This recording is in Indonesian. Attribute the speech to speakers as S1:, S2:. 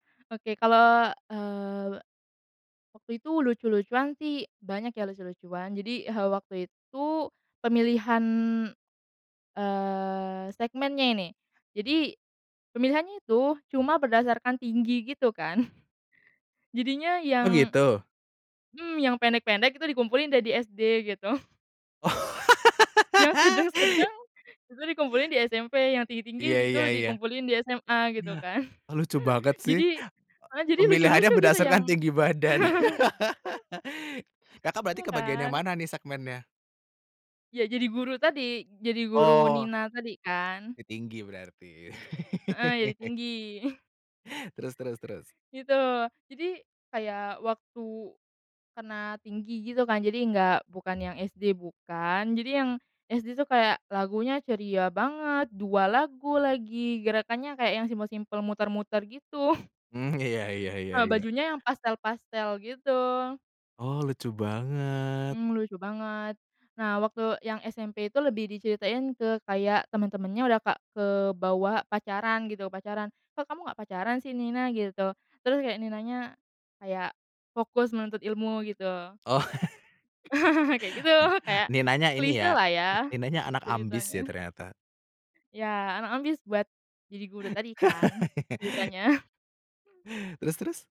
S1: Oke kalau, eee, waktu itu lucu-lucuan sih banyak ya lucu-lucuan jadi, eee, waktu itu pemilihan, eee, segmennya ini, jadi, pemilihannya itu cuma berdasarkan tinggi gitu kan, jadinya
S2: Oh
S1: yang
S2: gitu?
S1: mmm, yang pendek-pendek itu dikumpulin deh di SD gitu.
S2: Oh.
S1: Yang sedeng sedeng, itu dikumpulin di SMP yang tinggi tinggi
S2: Iya
S1: itu
S2: iya iya,
S1: dikumpulin di SMA gitu kan,
S2: ya lucu banget sih,
S1: jadi,
S2: [unintelligible]
S1: malah jadi
S2: pemilihannya
S1: lucu-lucu gitu yang
S2: berdasarkan tinggi badan. Kakak, berarti
S1: Ya
S2: kebagian yang
S1: kan?
S2: mana nih segmennya?
S1: Ya jadi guru tadi jadi guru
S2: Oh.
S1: Nina tadi kan.
S2: Tinggi berarti.
S1: Heeh, jadi tinggi.
S2: Terus terus terus?
S1: Gitu jadi kayak waktu, kena tinggi gitu kan jadi nggak bukan yang SD bukan jadi yang, SD tuh kayak lagunya ceria banget 2 lagu lagi gerakannya kayak yang simple-simple muter-muter gitu.
S2: Mmm, iya iya iya
S1: Ah,
S2: iya.
S1: bajunya yang pastel-pastel gitu.
S2: Oh lucu banget.
S1: Mmm, lucu banget, nah waktu yang SMP itu lebih diceritain ke kayak temen-temennya udah ka ke bawa pacaran gitu, pacaran kok kamu nggak pacaran sih Nina gitu, terus kayak Ninanya, kayak, fokus menuntut ilmu gitu.
S2: Oh.
S1: Kayak gitu kayak,
S2: Ninanya ini
S1: klise
S2: ya,
S1: lah ya,
S2: Ninanya anak ambis ya
S1: ceritanya.
S2: ternyata.
S1: Ya anak ambis buat jadi guru tadi kan ceritanya.
S2: Terus terus?